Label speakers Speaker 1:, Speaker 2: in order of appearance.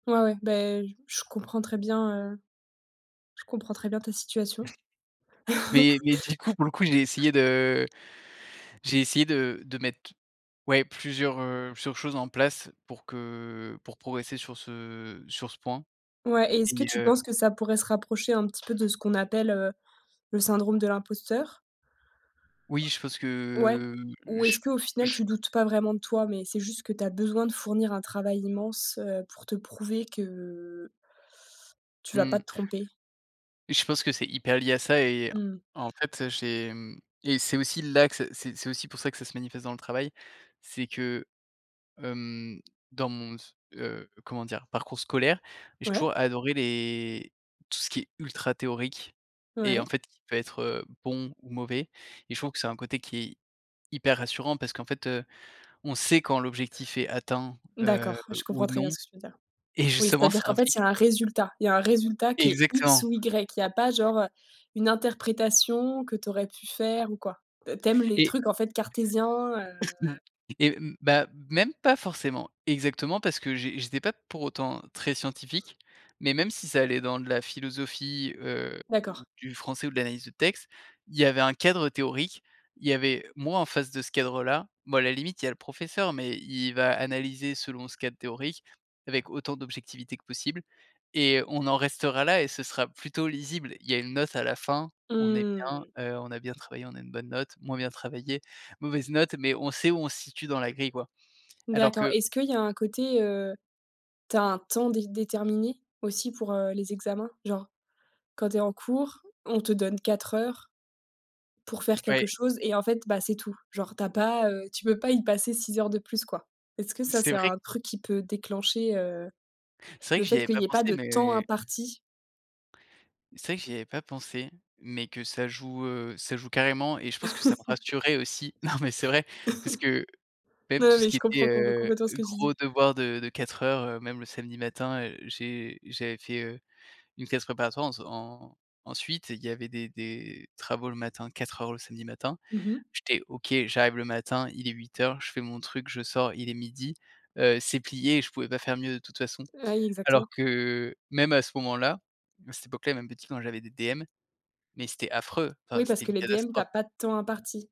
Speaker 1: Ouais, ouais, beh, je comprends très bien, heu, je comprends très bien ta situation.
Speaker 2: Mais mais, du coup, pour le coup, j'ai essayé de j'ai essayé de de mettre, ouais plusieurs, heu, plusieurs choses en place pour que pour progresser sur ce sur ce point
Speaker 1: Ouais et est-ce que
Speaker 2: et
Speaker 1: tu
Speaker 2: heu
Speaker 1: penses que ça pourrait se rapprocher un petit peu de ce qu'on appelle, heu, le syndrome de l'imposteur?
Speaker 2: Oui, je pense
Speaker 1: Ouais?
Speaker 2: que
Speaker 1: Ou est-ce
Speaker 2: j
Speaker 1: qu'au final,
Speaker 2: j
Speaker 1: tu doutes pas vraiment de toi, mais c'est juste que tu as besoin de fournir un travail immense, heu, pour te prouver que tu vas pas
Speaker 2: Mmh.
Speaker 1: te tromper?
Speaker 2: Je pense que c'est hyper lié à ça et
Speaker 1: Mmh.
Speaker 2: en fait, heu, j'ai, mmh et c'est aussi là que c'est c'est c'est aussi pour ça que ça se manifeste dans le travail, c'est que, hem, dans mon s heu, comment dire? Parcours scolaire, j'ai
Speaker 1: Ouais.
Speaker 2: toujours adoré les tout ce qui est ultra théorique et en
Speaker 1: Ouais.
Speaker 2: fait, qui peut être, heu, bon ou mauvais. Et je trouve que c'est un côté qui est hyper rassurant parce qu'en fait, heu, on sait quand l'objectif est atteint, heu,
Speaker 1: D'accord, je
Speaker 2: ou
Speaker 1: comprends très
Speaker 2: non
Speaker 1: bien ce que tu veux dire.
Speaker 2: et
Speaker 1: Oui,
Speaker 2: justement, ça
Speaker 1: c'est-à-dire qu'en fait, il y
Speaker 2: implique
Speaker 1: a un résultat. Il y a un résultat qui est X
Speaker 2: Exactement.
Speaker 1: ou Y. Il y a pas genre, heu, une interprétation que tu aurais pu faire ou quoi. T tu aimes les
Speaker 2: Et
Speaker 1: trucs, en fait, cartésiens, heu
Speaker 2: et mmh, bah, même pas forcément! Exactement parce que j'é j'étais pas pour autant très scientifique, mais même si ça allait dans de la philosophie, heu,
Speaker 1: D'accord.
Speaker 2: ou du français ou de l'analyse de texte, il y avait un cadre théorique, il y avait moi en face de ce cadre-là. Bon, à la limite, il y a le professeur mais il va analyser selon ce cadre théorique avec autant d'objectivité que possible. Et on en restera là et ce sera plutôt lisible. Il y a une note à la fin, on est bien,
Speaker 1: Mmh.
Speaker 2: heu, on a bien travaillé, on a une bonne note, moins bien travaillé, mauvaise note mais on sait où on se situe dans la grille, quoi. Alors
Speaker 1: D'accord.
Speaker 2: que
Speaker 1: Est-ce qu'il y a un côté, heu, tu as un temps dé déterminé aussi pour, heu, les examens? Genre, quand tu es en cours, on te donne 4 heures pour faire quelque
Speaker 2: Ouais.
Speaker 1: chose et en fait, bah, c'est tout. Genre tu as pas, heu, tu peux pas y passer 6 heures de plus, quoi. Est-ce que ça
Speaker 2: C'est
Speaker 1: c'est
Speaker 2: vrai
Speaker 1: un truc qui peut déclencher, heu,
Speaker 2: c'est vrai
Speaker 1: le
Speaker 2: que j'y
Speaker 1: fait
Speaker 2: avais
Speaker 1: qu'il
Speaker 2: pas
Speaker 1: y ait
Speaker 2: pensé,
Speaker 1: pas de temps
Speaker 2: mais
Speaker 1: imparti?
Speaker 2: c'est vrai que j'y avais pas pensé, mais que ça joue, heu, ça joue carrément et je pense que ça me rassurait aussi. Non mais c'est vrai parce que, même
Speaker 1: Non,
Speaker 2: tout ce
Speaker 1: mais
Speaker 2: qui
Speaker 1: je
Speaker 2: était,
Speaker 1: comprends comp
Speaker 2: heu,
Speaker 1: complètement ce que tu dis!
Speaker 2: gros devoir de de 4 heures, heu, même le samedi matin, heu, j'ai j'avais fait, heu, une classe préparatoire ens en ensuite, il y avait des des travaux le matin, 4 heures le samedi matin.
Speaker 1: Mmh mh.
Speaker 2: J'étais OK, j'arrive le matin, il est 8:00, je fais mon truc, je sors il est 12:00, heu, c'est plié et je pouvais pas faire mieux de toute façon.
Speaker 1: Ah oui,
Speaker 2: Alors
Speaker 1: exactement.
Speaker 2: que même à ce moment-là, à cette époque-là et même petit, quand j'avais des DM, mais c'était affreux, enfin
Speaker 1: Oui,
Speaker 2: c'était
Speaker 1: parce que
Speaker 2: une
Speaker 1: les DM, tu
Speaker 2: catastrophe!
Speaker 1: as pas de temps imparti.